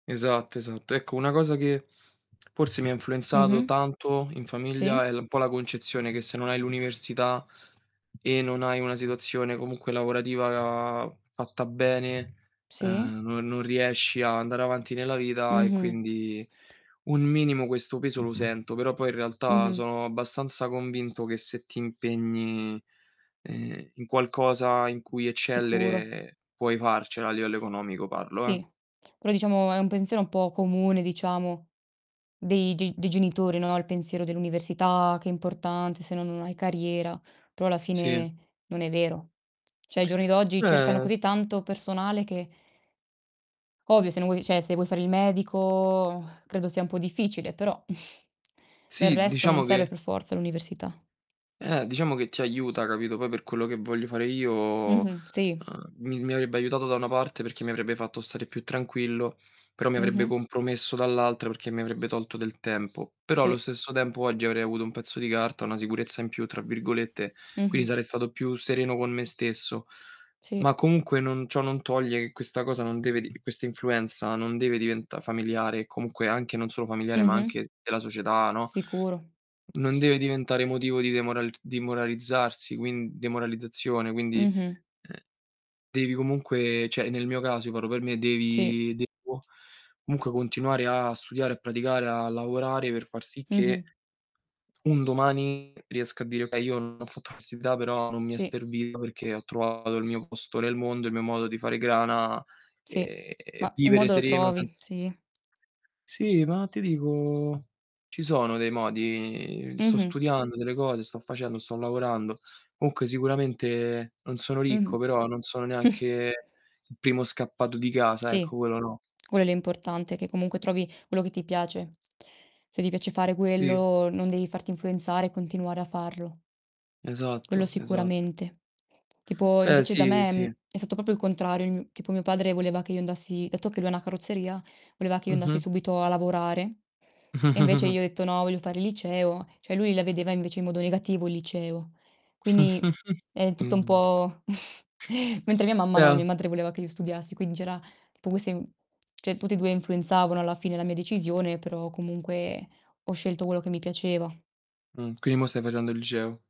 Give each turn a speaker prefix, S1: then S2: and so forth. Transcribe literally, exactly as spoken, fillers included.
S1: Esatto, esatto. Ecco, una cosa che forse mi ha influenzato
S2: Mh-mh.
S1: tanto in famiglia
S2: Sì.
S1: è l un po' la concezione che se non hai l'università e non hai una situazione comunque lavorativa fatta bene,
S2: Sì.
S1: uhm, non non riesci ad andare avanti nella vita e
S2: Mh-mh.
S1: quindi un minimo questo peso lo sento. Però poi in realtà
S2: Mh-mh.
S1: sono abbastanza convinto che se ti impegni, ehm, in qualcosa in cui
S2: Sicuro.
S1: eccellere puoi farcela a livello economico parlo, eh.
S2: Sì, quello diciamo è un pensiero un po' comune, diciamo. Dei ge dei genitori, no, il pensiero dell'università che è importante, se no non hai carriera. Però, alla
S1: Sì.
S2: fine non è vero. ceh, ai giorni d'oggi cercano
S1: Beh
S2: così tanto personale che Ovvio, se non vuoi ceh, se vuoi fare il medico credo sia un po' difficile, però del
S1: Sì,
S2: resto non
S1: diciamo
S2: serve
S1: che
S2: per forza l'università.
S1: Eh, diciamo che ti aiuta, capito. Poi per quello che voglio fare io, uhm,
S2: Mh-mh. Sì.
S1: mi mi avrebbe aiutato da una parte, perché mi avrebbe fatto stare più tranquillo, però mi avrebbe
S2: Mh-mh.
S1: compromesso dall'altra perché mi avrebbe tolto del tempo. Però, allo
S2: Sì.
S1: stesso tempo oggi avrei avuto un pezzo di carta, "una sicurezza in più", tra virgolette, quindi
S2: Mh-mh.
S1: sarei stato più sereno con me stesso.
S2: Sì.
S1: Ma comunque non ciò non toglie che questa cosa non deve d questa influenza non deve diventà familiare, comunque anche non solo familiare ma
S2: Mh-mh.
S1: anche della società, no,
S2: Sicuro.
S1: non deve diventare motivo di demoral dimoralizzarsi, quin demoralizzazione, quindi,
S2: Mh-mh.
S1: uhm, devi comunque ceh, nel mio caso, io parlo per me,
S2: Sì.
S1: devi devo comunque continuare a studiare, a praticare, a lavorare per far sì che
S2: Mh-mh.
S1: un domani riesca a dire: "Okay, io non ho fatto l'università però non mi è
S2: Sì.
S1: servito perché ho trovato il mio posto nel mondo, il mio modo di fare grana,
S2: Sì,
S1: e
S2: ma un
S1: vivere
S2: modo lo
S1: sereno
S2: trovi,
S1: senz"
S2: sì.
S1: sì, ma ti dico, ci sono dei modi. Sto
S2: Mh-mh.
S1: studiando delle cose, sto facendo, sto lavorando. Comunque sicuramente non sono ricco,
S2: Mh-mh.
S1: però non sono neanche il primo scappato di casa,
S2: Sì,
S1: ecco, quello no.
S2: quello è l'importante, che comunque trovi quello che ti piace. Se ti piace fare
S1: Sì.
S2: quello, non devi farti influenzare e continuare a farlo. Quello
S1: Esatto, esa
S2: sicuramente. Tipo
S1: Eh,
S2: invece da
S1: sì,
S2: me,
S1: sì.
S2: mhmm, è stato popo il contrario il mio tipo mio padre voleva che io andassi dato che lui ha una carrozzeria, voleva che io andassi
S1: Mh-mh.
S2: subito a lavorare. E invece io ho detto: "No, voglio fare il liceo." ceh, lui la vedeva invece in modo negativo il liceo. Quindi è tutto un
S1: Mh.
S2: po' mentre mia mamma no,
S1: Beh
S2: mia madre voleva che io studiassi, quindi c'era tipo queste i ceh, tutti e due influenzavano alla fine la mia decisione, però, comunque ho scelto quello che mi piaceva.
S1: Mh, quindi mò stai facendo il liceo.